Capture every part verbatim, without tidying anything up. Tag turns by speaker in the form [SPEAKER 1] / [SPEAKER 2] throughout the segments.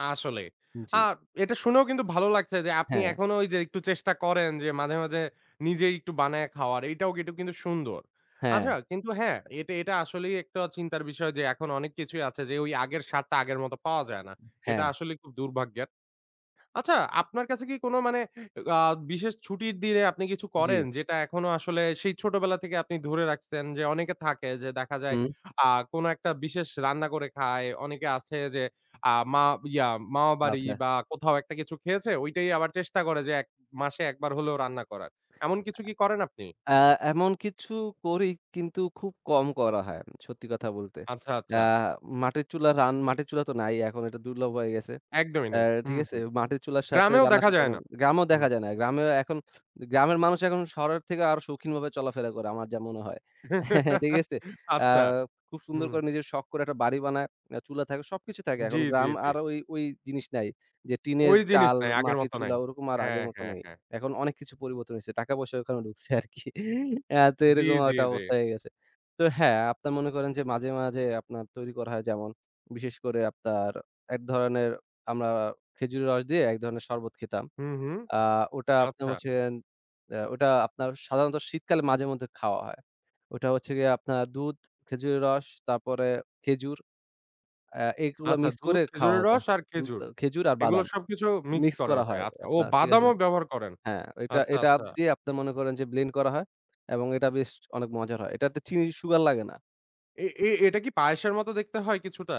[SPEAKER 1] আসলেই। আ
[SPEAKER 2] জ্বী।
[SPEAKER 1] এটা শুনেও কিন্তু ভালো লাগছে যে, আপনি
[SPEAKER 2] হ্যাঁ।
[SPEAKER 1] এখনো ওই যে, একটু চেষ্টা করেন যে মাঝে, মাঝে নিজেই একটু বানায়ে খাওয়ার, এইটাও এটুক কিন্তু সুন্দর। আচ্ছা
[SPEAKER 2] হ্যাঁ।
[SPEAKER 1] কিন্তু হ্যাঁ এটা এটা আসলেই একটা চিন্তার বিষয় যে, এখন অনেক কিছুই আছে যে, ওই আগের স্বাদটা আগের মত পাওয়া যায় না। এটা
[SPEAKER 2] হ্যাঁ।
[SPEAKER 1] আসলেই খুব দুর্ভাগ্যের। আচ্ছা, আপনার কাছে কি কোন মানে এগ আ বিশেষ ছুটির দিনে আপনি কিছু
[SPEAKER 2] জ্বী।
[SPEAKER 1] করেন, যেটা এখনো আসলে, সেই ছোটবেলা থেকে আপনি ধরে রাখছেন? যে অনেকে থাকে যে দেখা যায়,
[SPEAKER 2] হুম।
[SPEAKER 1] আ কোন একটা বিশেষ রান্না করে খায়, অনেকে আছে যে আ মা ইয়া মামাবাড়ি
[SPEAKER 2] আচ্ছা।
[SPEAKER 1] বা কোথাও একটা কিছু খেয়েছে, ঐটাই আবার চেষ্টা করে যে এক মাসে একবার হলেও রান্না করার। এমন কিছু কি করেন আপনি?
[SPEAKER 2] অ্যা এমন কিছু করি, কিন্তু খুব কম করা হয়। উম সত্যি কথা বলতে।
[SPEAKER 1] আচ্ছা,
[SPEAKER 2] আ
[SPEAKER 1] আচ্ছা।
[SPEAKER 2] মাটির চুলা রান মাটির চুলা তো নাই এখন, এটা, দুর্লভ হয়ে গেছে।
[SPEAKER 1] একদমই
[SPEAKER 2] অ্যা
[SPEAKER 1] নাই।
[SPEAKER 2] ঠিক
[SPEAKER 1] হুম,
[SPEAKER 2] আছে?
[SPEAKER 1] হুম।
[SPEAKER 2] মাটির চুলার সাথে
[SPEAKER 1] গ্রামেও
[SPEAKER 2] রান্না
[SPEAKER 1] দেখা যায়
[SPEAKER 2] সুতরাং
[SPEAKER 1] না।
[SPEAKER 2] গ্রামেও
[SPEAKER 1] হুম।
[SPEAKER 2] দেখা যায় না, গ্রামেও এখন দে গ্রামের মানুষ এখন শহরের থেকে আরও সৌখিনভাবে চলাফেরা করে, আমার যা মনে হয়। ঠিক আছে? আ
[SPEAKER 1] আচ্ছা।
[SPEAKER 2] খুব সুন্দর
[SPEAKER 1] হুম।
[SPEAKER 2] করে নিজের শখ করে একটা বাড়ি বানায়। আ চুলা থাকে, সবকিছু থাকে।
[SPEAKER 1] জ্বী,
[SPEAKER 2] এখন
[SPEAKER 1] জ্বী,
[SPEAKER 2] গ্রাম
[SPEAKER 1] জ্বী।
[SPEAKER 2] আর ওই ওই জিনিস নাই। যে টিনের
[SPEAKER 1] ওই জিনিস
[SPEAKER 2] চাল,
[SPEAKER 1] নাই। আগের
[SPEAKER 2] মাটির
[SPEAKER 1] মত
[SPEAKER 2] চুলা,
[SPEAKER 1] নাই।
[SPEAKER 2] ওরকম আর
[SPEAKER 1] হ্যাঁ,
[SPEAKER 2] আগের মত
[SPEAKER 1] হ্যাঁ,
[SPEAKER 2] নাই।
[SPEAKER 1] হ্যাঁ।
[SPEAKER 2] এখন অনেক কিছু পরিবর্তন হইছে। টাকা-পয়সা ওখানে ঢুকছে আরকি অ্যা তো
[SPEAKER 1] জ্বী,
[SPEAKER 2] এরকম
[SPEAKER 1] জ্বী,
[SPEAKER 2] আরেকটা
[SPEAKER 1] জ্বী।
[SPEAKER 2] অবস্থা হয়ে গেছে। তো হ্যাঁ! আপনার মনে করেন যে মাঝে, মাঝে আপনার তৈরি করা হয়, যেমন বিশেষ করে আপনার, এক ধরনের আমরা খেজুরের রস দিয়ে এক ধরণের শরবত খেতাম।
[SPEAKER 1] হুম, হুম।
[SPEAKER 2] আ ওটা আপ্নাম
[SPEAKER 1] আচ্ছা।
[SPEAKER 2] হচ্ছেন অ্যা ওটা আপনার সাধারণত শীতকালে, মাঝে মধ্যে খাওয়া হয়। ওটা হচ্ছে গিয়ে আপনার দুধ, খেজুরের রস, তারপরে খেজুর আ এইগুলা
[SPEAKER 1] আচ্ছা,
[SPEAKER 2] mix
[SPEAKER 1] দুধ,
[SPEAKER 2] করে খাওয়া
[SPEAKER 1] খেজুরের
[SPEAKER 2] হত।
[SPEAKER 1] রস, আর
[SPEAKER 2] দুধ
[SPEAKER 1] খেজুর,
[SPEAKER 2] আ খেজুর আর
[SPEAKER 1] এগুলো
[SPEAKER 2] বাদাম।
[SPEAKER 1] সবকিছু mix
[SPEAKER 2] Mix
[SPEAKER 1] করা
[SPEAKER 2] করা
[SPEAKER 1] হয়।
[SPEAKER 2] হয়,
[SPEAKER 1] আচ্ছা। ও
[SPEAKER 2] আপনার ঠিক আছে
[SPEAKER 1] বাদামও ব্যবহার করেন!
[SPEAKER 2] হ্যাঁ, এটা
[SPEAKER 1] আচ্ছা,
[SPEAKER 2] এটাব
[SPEAKER 1] আচ্ছা।
[SPEAKER 2] দিয়ে আপনি মনে করেন যে blend করা হয় এবং এটা বেশ অনেক মজার হয়। এটাতে চিনি sugar লাগে না।
[SPEAKER 1] এ এ এটা কি পায়েসের মতো দেখতে হয় কিছুটা?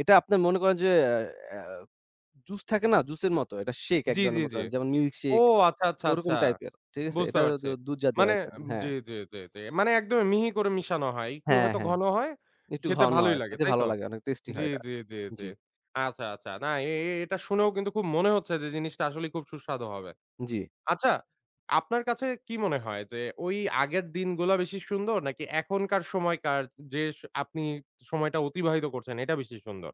[SPEAKER 2] এটা আপনার মনে করেন যে অ্যা অ্যা আ juice থাকে না? juice এর মতো। এটা shake এক
[SPEAKER 1] জ্বী,
[SPEAKER 2] ধরনের
[SPEAKER 1] জ্বী,
[SPEAKER 2] বলতে
[SPEAKER 1] জ্বী।
[SPEAKER 2] পারেন, যেমন milk
[SPEAKER 1] ও
[SPEAKER 2] shake,
[SPEAKER 1] আচ্ছা, আচ্ছা,
[SPEAKER 2] ওরকম
[SPEAKER 1] আচ্ছা।
[SPEAKER 2] টাইপের, ঠিক আছে?
[SPEAKER 1] বুঝতে
[SPEAKER 2] এটাও দু
[SPEAKER 1] পারছি।
[SPEAKER 2] দুধ জাতীয়
[SPEAKER 1] মানে
[SPEAKER 2] item
[SPEAKER 1] আম
[SPEAKER 2] হ্যাঁ।
[SPEAKER 1] জ্বী, জ্বী, জ্বী, জ্বী মানে, একদমই মিহি করে মিশানো হয়। একটু
[SPEAKER 2] হ্যাঁ,
[SPEAKER 1] হয়তো
[SPEAKER 2] হ্যাঁ।
[SPEAKER 1] ঘন হয়
[SPEAKER 2] একটু
[SPEAKER 1] খেতে
[SPEAKER 2] ঘন
[SPEAKER 1] ভালোই
[SPEAKER 2] হয়।
[SPEAKER 1] লাগে।
[SPEAKER 2] খেতে
[SPEAKER 1] তাই
[SPEAKER 2] ভালো
[SPEAKER 1] তো?
[SPEAKER 2] লাগে। অনেক tasty হয়
[SPEAKER 1] জ্বী,
[SPEAKER 2] এটা।
[SPEAKER 1] জ্বী, জ্বী, জ্বী।
[SPEAKER 2] জ্বী।
[SPEAKER 1] আচ্ছা, আচ্ছা। না এ এ এটা শুনেও কিন্তু খুব মনে হচ্ছে যে, জিনিসটা আসলেই খুব সুস্বাদু হবে।
[SPEAKER 2] জ্বী।
[SPEAKER 1] আচ্ছা, আপনার কাছে কি মনে হয় যে, ওই আগের দিনগুলা বেশি সুন্দর, নাকি এখনকার সময়কার, যে স আপনি সময়টা অতিবাহিত করছেন, এটা বেশি সুন্দর?